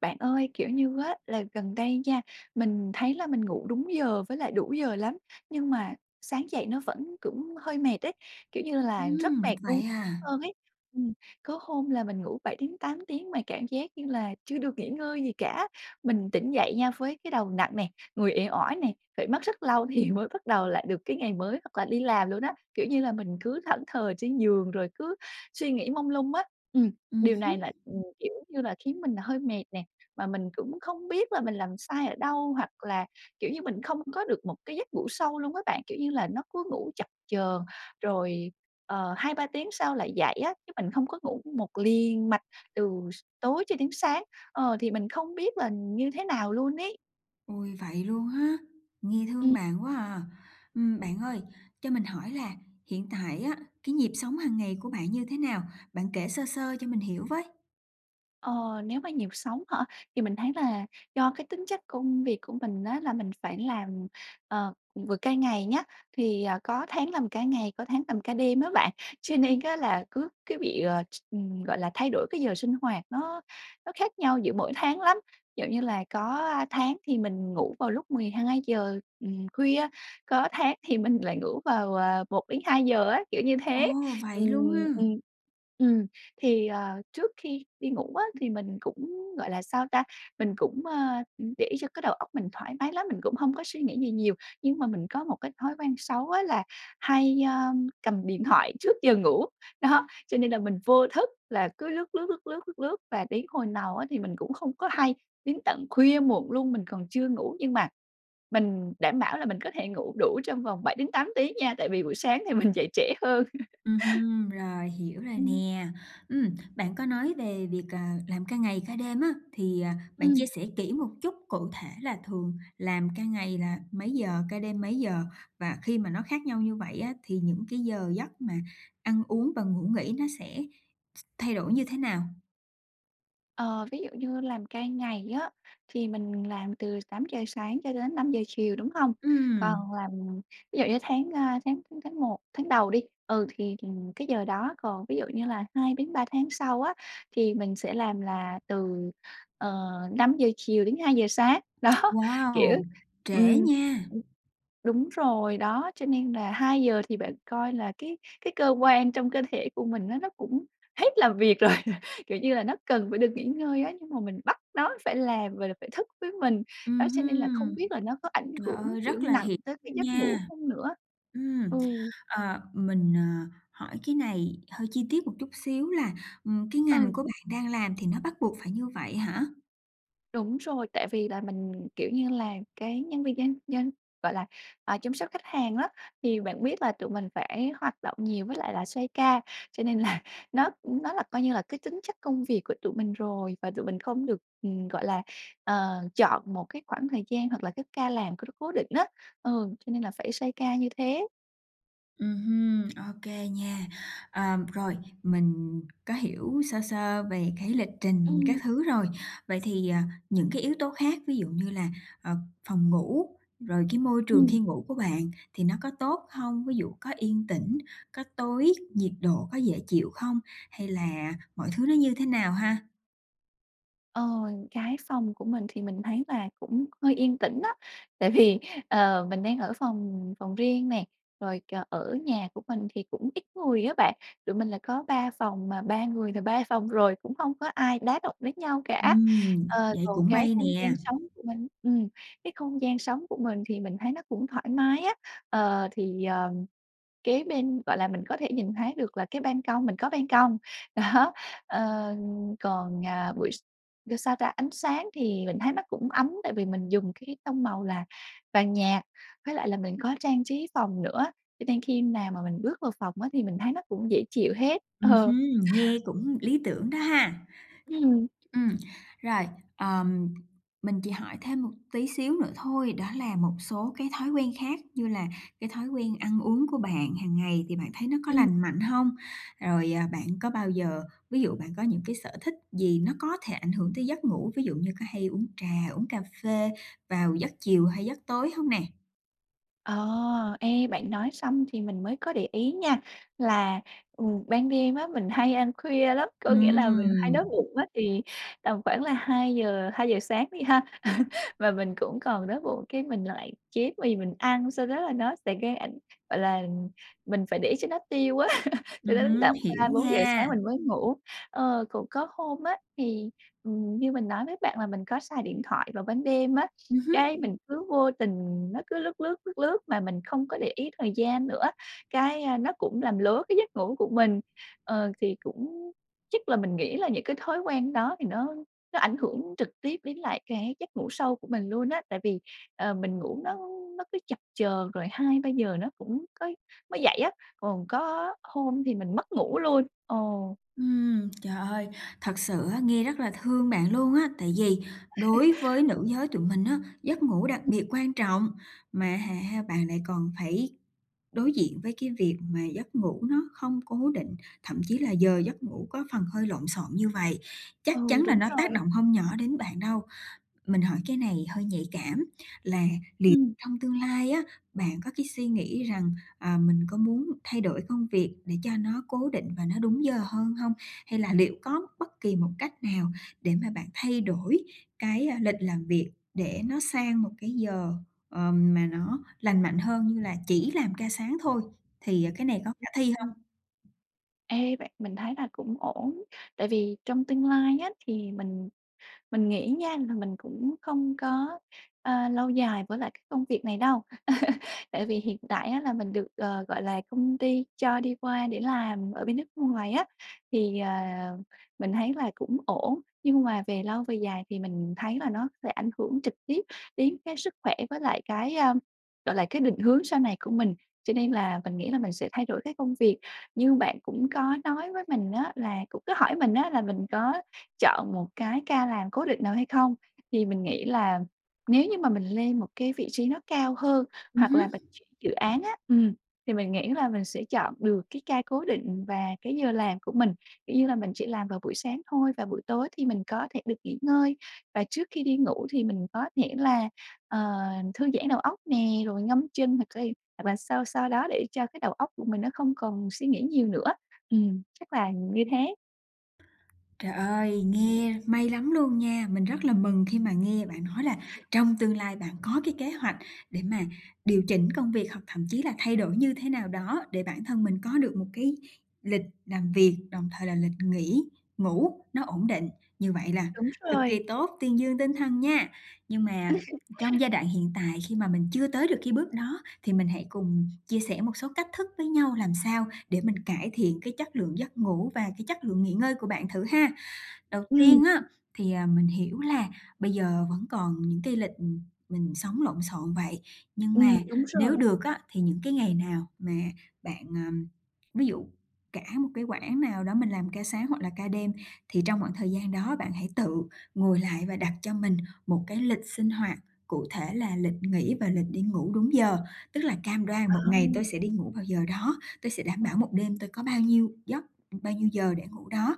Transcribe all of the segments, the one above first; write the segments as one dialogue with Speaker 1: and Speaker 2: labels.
Speaker 1: Bạn ơi, kiểu như á, là gần đây nha, mình thấy là mình ngủ đúng giờ với lại đủ giờ lắm nhưng mà sáng dậy nó vẫn cũng hơi mệt ấy, kiểu như là, rất
Speaker 2: Ừm,
Speaker 1: mệt luôn
Speaker 2: vậy à?
Speaker 1: hơn ấy. Ừm, có hôm là mình ngủ 7-8 tiếng mà cảm giác như là chưa được nghỉ ngơi gì cả, mình tỉnh dậy nha với cái đầu nặng nè, người uể oải nè, phải mất rất lâu thì mới bắt đầu lại được cái ngày mới hoặc là đi làm luôn á, kiểu như là, mình cứ thẫn thờ trên giường rồi cứ suy nghĩ mông lung á. Ừm,
Speaker 2: Ừm
Speaker 1: điều này
Speaker 2: hứm.
Speaker 1: lại, ừm, kiểu như là, khiến mình là hơi mệt nè, mà mình cũng không biết là mình làm sai ở đâu, hoặc là, kiểu như, mình không có được một cái giấc ngủ sâu luôn á bạn, kiểu như là, nó cứ ngủ chập chờn rồi, ờ, 2, 3 tiếng sau lại dậy á, chứ mình không có ngủ một liền mạch từ tối cho đến sáng. Ờ, thì mình không biết là như thế nào luôn ấy.
Speaker 2: Ôi, vậy luôn ha, nghe thương
Speaker 1: Ừm.
Speaker 2: bạn quá à. Ừm, bạn ơi, cho mình hỏi là hiện tại á, cái nhịp sống hàng ngày của bạn như thế nào? Bạn kể sơ sơ cho mình hiểu với.
Speaker 1: Ờ, nếu mà nhịp sống hả, thì mình thấy là do cái tính chất công việc của mình á, là mình phải làm, ờ, ừm, vừa ca ngày nhá, thì, ờ, có tháng làm ca ngày, có tháng làm ca đêm á bạn, cho nên á, là cứ cứ bị, ờ, ừm, gọi là, thay đổi cái giờ sinh hoạt nó nó khác nhau giữa mỗi tháng lắm. Kiểu như là, có, a, tháng thì mình ngủ vào lúc 12:00, ừm, khuya, có tháng thì mình lại ngủ vào, ờ, 1:00-2:00 á, kiểu như
Speaker 2: Ồ,
Speaker 1: thế, ừm,
Speaker 2: vậy luôn ha!
Speaker 1: ừm. Ừm, thì, ờ, trước khi đi ngủ á, thì mình cũng, gọi là, sao ta, mình cũng, ơ, ừm, để cho cái đầu óc mình thoải mái lắm, mình cũng hông có suy nghĩ gì nhiều, nhưng mà mình có một cái thói quen xấu á là hay, ơ, cầm điện thoại trước giờ ngủ. Đó, cho nên là mình vô thức là cứ lướt, lướt, lướt, lướt, lướt, lướt và đến hồi nào á, thì mình cũng không có hay, đến tận khuya muộn luôn mình còn chưa ngủ, nhưng mà mình đảm bảo là mình có thể ngủ đủ trong vòng 7-8 tiếng nha, tại vì buổi sáng thì mình dậy trễ hơn.
Speaker 2: Ừm hưm, rồi hiểu rồi
Speaker 1: Ừm.
Speaker 2: nè. Ừm, bạn có nói về việc, ờ, làm ca ngày ca đêm á, thì, à, bạn chia
Speaker 1: Ừm.
Speaker 2: sẻ kỹ một chút, cụ thể là thường làm ca ngày là mấy giờ? Ca đêm mấy giờ? Và khi mà nó khác nhau như vậy á, thì những cái giờ giấc mà ăn uống và ngủ nghỉ nó sẽ thay đổi như thế nào?
Speaker 1: Ờ, ví dụ như làm ca ngày á thì mình làm từ 8:00 sáng cho đến 5:00 chiều, đúng không?
Speaker 2: Ừm.
Speaker 1: Còn làm ví dụ như tháng, a, tháng tháng tháng một, tháng đầu đi, ừ, thì thìn cái giờ đó còn ví dụ như là 2-3 tháng sau á, thì mình sẽ làm là từ, ờ, 5:00 chiều đến 2:00 sáng. Đó, kiểu
Speaker 2: Wow! Trễ
Speaker 1: ừm,
Speaker 2: nha.
Speaker 1: ừm, đúng rồi, đó, cho nên là 2:00 thì bạn coi là cái cái cơ quan trong cơ thể của mình á, nó cũng hết làm việc rồi, kiểu như là, nó cần phải được nghỉ ngơi á, nhưng mà mình bắt nó phải làm rồi là phải thức với mình, đó,
Speaker 2: Ừm
Speaker 1: cho nên là không
Speaker 2: hưm.
Speaker 1: biết là nó có ảnh
Speaker 2: Trời
Speaker 1: hưởng,
Speaker 2: ơi!
Speaker 1: kiểu,
Speaker 2: Rất là
Speaker 1: nặng
Speaker 2: hiểu
Speaker 1: tới cái
Speaker 2: luôn
Speaker 1: giấc ngủ
Speaker 2: nha.
Speaker 1: không nữa. Ừ.
Speaker 2: Ừm, ờ, mình, ờ, hỏi cái này hơi chi tiết một chút xíu là, ừm, cái ngành
Speaker 1: Ừ.
Speaker 2: của bạn đang làm thì nó bắt buộc phải như vậy hả?
Speaker 1: Đúng rồi, tại vì là mình, kiểu như là, cái nhân viên nhân nhân, gọi là, à, chăm sóc khách hàng á, thì bạn biết là tụi mình phải hoạt động nhiều với lại là xoay ca cho nên là nó nó là coi như là cái tính chất công việc của tụi mình rồi và tụi mình không được, ừm, gọi là, ờ, chọn một cái khoảng thời gian hoặc là cái ca làm có c cố định á. Ừ, cho nên là phải xoay ca như thế.
Speaker 2: Ừm hưm, OK nha. Ờm, rồi mình có hiểu sơ sơ về cái lịch trình
Speaker 1: Ừm.
Speaker 2: các thứ rồi, vậy thì, ờ, những cái yếu tố khác ví dụ như là, ờ, phòng ngủ, rồi cái môi trường
Speaker 1: Ừm.
Speaker 2: khi ngủ của bạn thì nó có tốt hông? Ví dụ có yên tĩnh, có tối, nhiệt độ có dễ chịu không? Hay là mọi thứ nó như thế nào ha?
Speaker 1: Ờ, cái phòng của mình thì mình thấy là cũng hơi yên tĩnh đó, tại vì, ờ, mình đang ở phòng phòng riêng nè, rồi, ờ, ở nhà của mình thì cũng ít người á bạn, tụi mình là có 3 phòng, mà 3 người là 3 phòng rồi cũng không có ai đá động đến nhau cả.
Speaker 2: Ừm,
Speaker 1: Ờ,
Speaker 2: vậy
Speaker 1: còn
Speaker 2: cũng
Speaker 1: cái
Speaker 2: may
Speaker 1: không gian
Speaker 2: nè.
Speaker 1: sống của mình ừm, cái không gian sống của mình thì mình thấy nó cũng thoải mái á, ờ, thì, ờ, kế bên, gọi là, mình có thể nhìn thấy được là cái ban công mình có ban công. Đó, ờ, còn, à, buổi s ơ, sao ta, ánh sáng thì mình thấy nó cũng ấm tại vì mình dùng cái tông màu là vàng nhạt với lại là mình có trang trí phòng nữa, cho nên khi nào mà mình bước vào phòng á, thì mình thấy nó cũng dễ chịu hết.
Speaker 2: Ừm
Speaker 1: Ờ.
Speaker 2: hưm, nghe cũng lý tưởng đó ha.
Speaker 1: Ừm.
Speaker 2: Ừm, rồi, ờm, mình chỉ hỏi thêm một tí xíu nữa thôi, đó là một số cái thói quen khác như là cái thói quen ăn uống của bạn hàng ngày thì bạn thấy nó có
Speaker 1: Ừm.
Speaker 2: lành mạnh hông? Rồi, ờ, bạn có bao giờ, ví dụ bạn có những cái sở thích gì nó có thể ảnh hưởng tới giấc ngủ, ví dụ như có hay uống trà, uống cà phê vào giấc chiều hay giấc tối hông nè?
Speaker 1: Ờ, ê bạn nói xong thì mình mới có để ý nha, là, ừ, ban đêm á mình hay ăn khuya lắm. Có nghĩa là mình hay
Speaker 2: Ừm.
Speaker 1: đói bụng á, thì tầm khoảng là hai giờ hai giờ sáng đi ha, và mình cũng còn đói bụng cái mình lại chế mì mình ăn, sau đó là nó sẽ gây ảnh gọi là, mình phải để cho nó tiêu á, cho
Speaker 2: Ừm
Speaker 1: đến
Speaker 2: hứm,
Speaker 1: tận ba
Speaker 2: hiểu
Speaker 1: bốn giờ sáng
Speaker 2: nha.
Speaker 1: mình mới ngủ. Ờ, cũng có hôm á, thì, ừm, như mình nói với bạn là mình có xài điện thoại vào ban đêm á,
Speaker 2: Ừm
Speaker 1: cái
Speaker 2: hứm.
Speaker 1: mình cứ vô tình nó cứ lướt, lướt, lướt, lướt mà mình không có để ý thời gian nữa, cái, a, nó cũng làm lố cái giấc ngủ của mình. Ờ, thì cũng chắc là mình nghĩ là những cái thói quen đó thì nó nó ảnh hưởng trực tiếp đến lại cái giấc ngủ sâu của mình luôn á. Tại vì, ờ, mình ngủ nó nó cứ chập chờn rồi 2:00-3:00 nó cũng có mới dậy á, còn có hôm thì mình mất ngủ luôn. Ờ.
Speaker 2: Ừm, trời ơi, thật sự á, nghe rất là thương bạn luôn á. Tại vì đối với nữ giới tụi mình á, giấc ngủ đặc
Speaker 1: Ừm.
Speaker 2: biệt quan trọng, mà hả ha, bạn lại còn phải đối diện với cái việc về giấc ngủ nó không cố định, thậm chí là giờ giấc ngủ có phần hơi lộn xộn như vậy, chắc
Speaker 1: Ừ,
Speaker 2: chắn là
Speaker 1: đúng
Speaker 2: nó
Speaker 1: rồi
Speaker 2: tác
Speaker 1: ấy.
Speaker 2: động hông nhỏ đến bạn đâu. Mình hỏi cái này hơi nhạy cảm, là liệu
Speaker 1: Ừm.
Speaker 2: trong tương lai á, bạn có cái suy nghĩ rằng, ờ, mình có muốn thay đổi công việc để cho nó cố định và nó đúng giờ hơn hông? Hay là liệu có bất kỳ một cách nào để mà bạn thay đổi cái, a, lịch làm việc để nó sang một cái giờ, ờm, mà nó lành mạnh hơn như là chỉ làm ca sáng thôi thì, à, cái này có
Speaker 1: Ừm,
Speaker 2: khả thi
Speaker 1: ừm.
Speaker 2: hông?
Speaker 1: Ê, vậy mình thấy là cũng ổn. Tại vì trong tương lai á thì mình mình nghĩ nha là mình cũng không có, ơ, lâu dài với lại cái công việc này đâu. Tại vì hiện tại á là mình được, ờ, gọi là, công ty cho đi qua để làm ở bên nước ngoài á, thì, ờ, mình thấy là cũng ổn. Nhưng mà về lâu về dài thì mình thấy là nó sẽ ảnh hưởng trực tiếp đến cái sức khỏe với lại cái, ơ, gọi là, cái định hướng sau này của mình, cho nên là mình nghĩ là mình sẽ thay đổi cái công việc. Như bạn cũng có nói với mình á là cũng cứ hỏi mình á là mình có chọn một cái ca làm cố định nào hay không, thì mình nghĩ là nếu như mà mình lên một cái vị trí nó cao hơn
Speaker 2: Ừm
Speaker 1: hoặc
Speaker 2: hứm.
Speaker 1: là mình [unintelligible] dự án á. Ừm, thì mình nghĩ là mình sẽ chọn được cái ca cố định và cái giờ làm của mình. Kiểu như là, mình chỉ làm vào buổi sáng thôi và buổi tối thì mình có thể được nghỉ ngơi, và trước khi đi ngủ thì mình có thể là, ờ, thư giãn đầu óc nè, rồi ngâm chân hoặc cay, hoặc là sao sao đó để cho cái đầu óc của mình nó không còn suy nghĩ nhiều nữa. Ừm, chắc là như thế.
Speaker 2: Trời ơi, nghe may lắm luôn nha. Mình rất là mừng khi mà nghe bạn nói là
Speaker 1: [unintelligible]
Speaker 2: trong tương lai bạn có cái kế hoạch để mà điều chỉnh công việc hoặc thậm chí là thay đổi như thế nào đó để bản thân mình có được một cái lịch làm việc, đồng thời là lịch nghỉ, ngủ, nó ổn định. Như vậy là
Speaker 1: Đúng
Speaker 2: cực kỳ
Speaker 1: rồi.
Speaker 2: tốt, tuyên dương tinh thần nha! Nhưng mà trong giai đoạn hiện tại khi mà mình chưa tới được cái bước đó thì mình hãy cùng chia sẻ một số cách thức với nhau làm sao để mình cải thiện cái chất lượng giấc ngủ và cái chất lượng nghỉ ngơi của bạn thử ha. Đầu
Speaker 1: Ừm.
Speaker 2: tiên á thì, à, mình hiểu là bây giờ vẫn còn những cái lịch, ừm, mình sống lộn xộn vậy, nhưng mà
Speaker 1: Ừm, đúng
Speaker 2: nếu
Speaker 1: rồi.
Speaker 2: được á thì những cái ngày nào mà bạn, ờm ví dụ cả một cái quãng nào đó mình làm ca sáng hoặc là ca đêm thì trong khoảng thời gian đó bạn hãy tự ngồi lại và đặt cho mình một cái lịch sinh hoạt cụ thể là lịch nghỉ và lịch đi ngủ đúng giờ. Tức là cam đoan một ngày
Speaker 1: Ờm.
Speaker 2: tôi sẽ đi ngủ vào giờ đó, tôi sẽ đảm
Speaker 1: Ừm.
Speaker 2: bảo một đêm tôi có bao nhiêu giấc, bao nhiêu giờ để ngủ đó.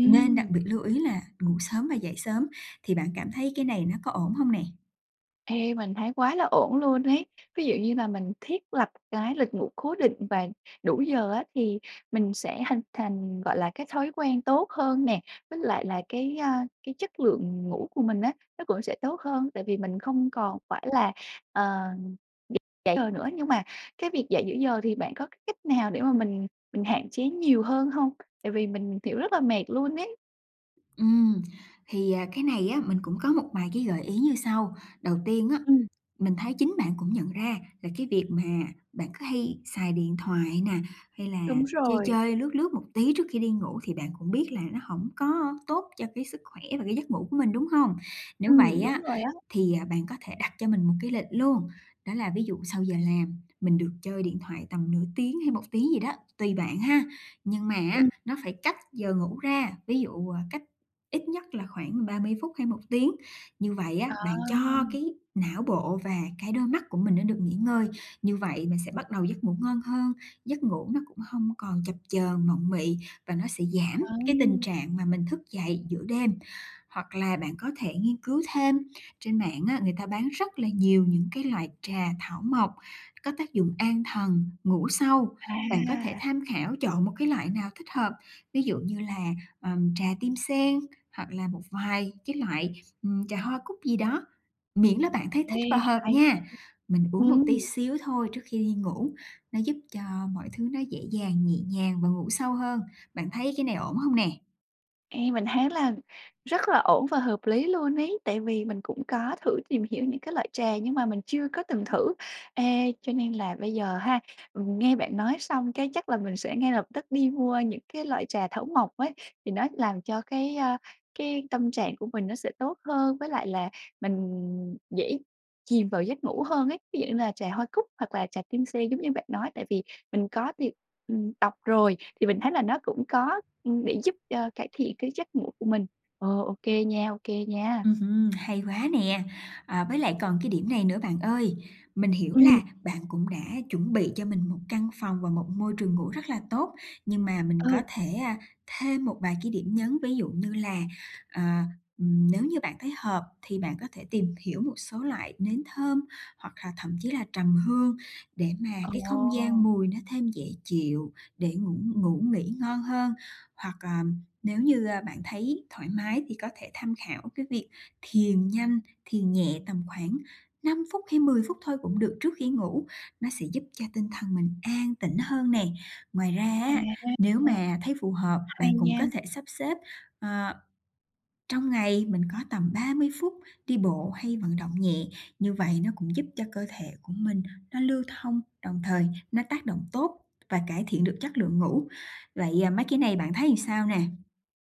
Speaker 2: Nên đặc biệt lưu ý là ngủ sớm và dậy sớm, thì bạn cảm thấy cái này nó có ổn hông nè?
Speaker 1: Ê, mình thấy quá là ổn luôn ấy. Ví dụ như là mình thiết lập cái lịch ngủ cố định và đủ giờ á, thì mình sẽ hình thành, gọi là, cái thói quen tốt hơn nè, với lại là cái, a, cái chất lượng ngủ của mình á, nó cũng sẽ tốt hơn, tại vì mình không còn phải là, ờ, dậy giờ nữa. Nhưng mà cái việc dậy giữa giờ, thì bạn có cái cách nào để mà mình mình hạn chế nhiều hơn hông? Tại vì mình, kiểu, rất là mệt luôn ấy.
Speaker 2: Ừm, thì, à, cái này á, mình cũng có một vài cái gợi ý như sau. Đầu tiên á,
Speaker 1: Ừm.
Speaker 2: mình thấy chính bạn cũng nhận ra là cái việc mà bạn cứ hay xài điện thoại nè, hay là
Speaker 1: Đúng
Speaker 2: chơi
Speaker 1: rồi.
Speaker 2: chơi, lướt lướt một tí trước khi đi ngủ, thì bạn cũng biết là nó hổng có tốt cho cái sức khỏe và cái giấc ngủ của mình, đúng hông? Nếu
Speaker 1: Ừm,
Speaker 2: vậy
Speaker 1: đúng
Speaker 2: á,
Speaker 1: rồi á.
Speaker 2: thì, à, bạn có thể đặt cho mình một cái lịch luôn. Đó là ví dụ sau giờ làm, mình được chơi điện thoại tầm nửa tiếng hay 1 tiếng gì đó, tùy bạn ha, nhưng mà
Speaker 1: Ừm.
Speaker 2: á, nó phải cách giờ ngủ ra, ví dụ, ờ, cách ít nhất là khoảng 30 phút hay 1 tiếng. Như vậy á,
Speaker 1: À.
Speaker 2: bạn cho cái não bộ và cái đôi mắt của mình nó được nghỉ ngơi. Như vậy mình sẽ bắt đầu giấc ngủ ngon hơn, giấc ngủ nó cũng hông còn chập chờn, mộng mị, và nó sẽ giảm cái tình
Speaker 1: Ừm.
Speaker 2: trạng mà mình thức dậy giữa đêm. Hoặc là bạn có thể nghiên cứu thêm trên mạng á người ta bán rất là nhiều những cái loại trà thảo mộc, có tác dụng an thần, ngủ sâu. Bạn có thể
Speaker 1: À.
Speaker 2: tham khảo, chọn một cái loại nào thích hợp, ví dụ như là, ờm, trà tim sen, hoặc là một vài cái loại, ừm, trà hoa cúc gì đó, miễn là bạn thấy thích và
Speaker 1: Ê,
Speaker 2: hợp
Speaker 1: hay nha.
Speaker 2: nha. Mình uống một tí
Speaker 1: Ừm.
Speaker 2: xíu thôi, trước khi đi ngủ, nó giúp cho mọi thứ nó dễ dàng, nhẹ nhàng và ngủ sâu hơn. Bạn thấy cái này ổn hông nè?
Speaker 1: Ê, mình thấy là rất là ổn và hợp lý luôn ấy, tại vì mình cũng có thử tìm hiểu những cái loại trà nhưng mà mình chưa có từng thử. Ê, cho nên là bây giờ ha, nghe bạn nói xong cái chắc là mình sẽ ngay lập tức đi mua những cái loại trà thảo mộc ấy thì nó làm cho cái, a, cái tâm trạng của mình nó sẽ tốt hơn với lại là mình dễ chìm vào giấc ngủ hơn ấy, ví dụ như là trà hoa cúc hoặc là trà tim sen giống như bạn nói, tại vì mình có tìm ừm, đọc rồi thì mình thấy là nó cũng có, ưm, để giúp cho cải thiện cái giấc ngủ của mình. Ờ, ô kê nha, ô kê nha.
Speaker 2: Ừm hưm, hay quá nè. À, với lại còn cái điểm này nữa bạn ơi, mình hiểu
Speaker 1: Ừm.
Speaker 2: là bạn cũng đã chuẩn bị cho mình 1 căn phòng và một môi trường ngủ rất là tốt, nhưng mà mình có
Speaker 1: Ừ.
Speaker 2: thể, a, thêm một vài cái điểm nhấn, ví dụ như là, à, ừm, nếu như bạn thấy hợp thì bạn có thể tìm hiểu một số loại nến thơm, hoặc là thậm chí là trầm hương để mà cái không gian
Speaker 1: Ồ.
Speaker 2: mùi nó thêm dễ chịu, để ngủ ngủ nghỉ ngon hơn, hoặc, à, nếu như, a, bạn thấy thoải mái thì có thể tham khảo cái việc thiền nhanh, thiền nhẹ tầm khoảng 5 phút hay 10 phút thôi cũng được trước khi ngủ, nó sẽ giúp cho tinh thần mình an tĩnh hơn nè. Ngoài ra
Speaker 1: À.
Speaker 2: á, nếu
Speaker 1: [unintelligible]
Speaker 2: mà thấy phù hợp,
Speaker 1: Hay
Speaker 2: bạn cũng
Speaker 1: nha.
Speaker 2: có thể sắp xếp, ờ, trong ngày mình có tầm 30 phút đi bộ hay vận động nhẹ, như vậy nó cũng giúp cho cơ thể của mình nó lưu thông, đồng thời nó tác động tốt và cải thiện được chất lượng ngủ. Vậy, à, mấy cái này bạn thấy làm sao nè?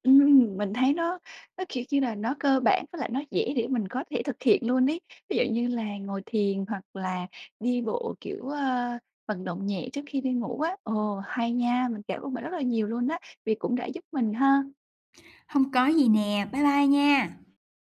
Speaker 1: Ừm, mình thấy nó nó, kiểu như là, nó cơ bản với lại nó dễ để mình có thể thực hiện luôn ấy, ví dụ như là ngồi thiền hoặc là đi bộ, kiểu, ơ, vận động nhẹ trước khi đi ngủ á. Ồ, hay nha, mình cảm ơn bạn rất là nhiều luôn á, vì cũng đã giúp mình ha.
Speaker 2: Hông có gì nè. Bye bye nha.